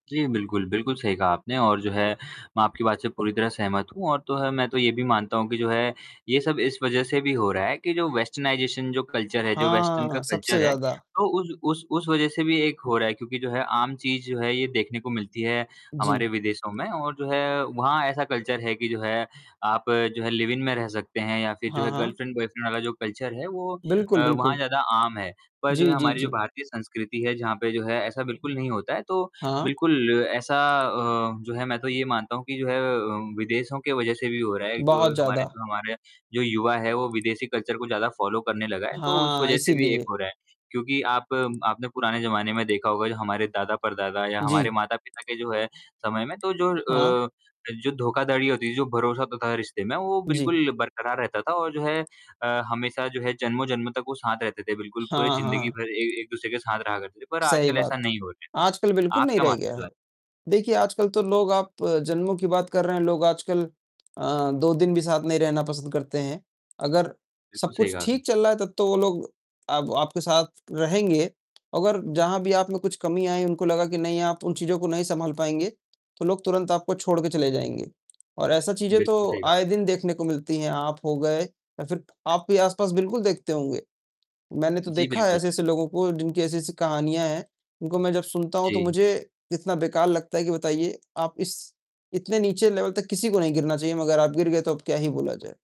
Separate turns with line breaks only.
जी बिल्कुल। बिल्कुल, सही कहा आपने और जो है मैं आपकी बात से पूरी तरह सहमत हूँ और तो है मैं तो ये भी मानता हूँ कि जो है ये सब इस वज़ह से भी हो रहा है कि जो वेस्टर्नाइज़ेशन जो कल्चर है, जो वेस्टर्न का
हाँ, सबसे
कल्चर है,
ज़्यादा।
तो उ उस उस वज़ह से भी एक हो रहा है क्योंकि जो है आम चीज़ जो है ये देखने को मिलती है हमारे
जी।
विदेशों में और जो है वहाँ ऐसा कल्चर है कि जो है आप जो है लिव-इन में रह सकते हैं या फ़िर जो
हाँ,
है
हाँ।
गर्लफ़्रेंड बॉयफ़्रेंड वाला जो कल्चर है वो अ,
बिल्कुल,
वहाँ
बिल्कुल।
ज़्यादा आम है, पर जो है
जी, जी,
हमारी जो
जी।
भारतीय संस्कृति है जहाँ पे जो है ऐसा बिल्कुल नहीं होता है, तो
हाँ।
बिल्कुल ऐसा अ, जो है मैं तो ये मानता हूँ कि जो है अ, विदेशों के वज़ह से भी हो रहा है। जो
बहुत
हमारे
ज़्यादा।
जो हमारे यहाँ जो युवा है वो विदेशी कल्चर को ज़्यादा फॉलो करने लगा है, तो उस
हाँ,
वज़ह से भी एक
इसीलिए।
हो रहा है क्योंकि आप आपने पुराने ज़माने में देखा होगा जो हमारे दादा, परदादा या हमारे
जी।
माता-पिता के जो है समय में तो जो
हाँ।
अ, जो धोखाधड़ी होती थी, जो भरोसा होता था रिश्ते में वो
जी।
बिल्कुल बरकरार रहता था और जो है अ, हमेशा जो है जन्मों-जन्म तक वो साथ रहते थे, बिल्कुल पूरे
हाँ,
ज़िंदगी
हाँ।
भर ए एक-दूसरे के साथ रहा करते थे, पर
सही
आजकल
बात,
ऐसा नहीं हो रहा
आजकल
है।
बिल्कुल
आप
नहीं
क्या
रह
मानते हैं
गया
इस
है।
बारे में?
देखिए आजकल तो लोग आप जन्मों की बात कर रहे हैं, लोग आजकल अ, 2 दिन भी साथ नहीं रहना पसंद करते हैं, अगर सब
बिल्कुल, सही
कुछ
कहा आपने।
ठीक चल रहा है तब तो वो लोग आप आपके साथ रहेंगे, अगर जहाँ भी आप में कुछ कमी आइ, उनको लगा कि नहीं आप उन चीज़ों को नहीं सँभाल पाएँगे, तो लोग तुरंत आपको छोड़ कर चले जाएँगे और ऐसी चीज़ें
बिल्कुल,
तो
सही कहा आपने।
आए दिन देखने को मिलती हैं, आप हो गए या फ़िर आपके आसपास बिल्कुल देखते होंगे। मैंने तो
जी,
देखा है
बिल्कुल।
ऐसे-ऐसे लोगों को जिनकी ऐसी-ऐसी कहानियाँ हैं, उनको मैं जब सुनता हूँ तो
जी।
मुझे, इतना बेकार लगता है कि बताइए आप इस इतने नीचे लेवल तक किसी को नहीं गिरना चाहिए, मगर आप गिर गए तो अब क्या ही बोला जाए।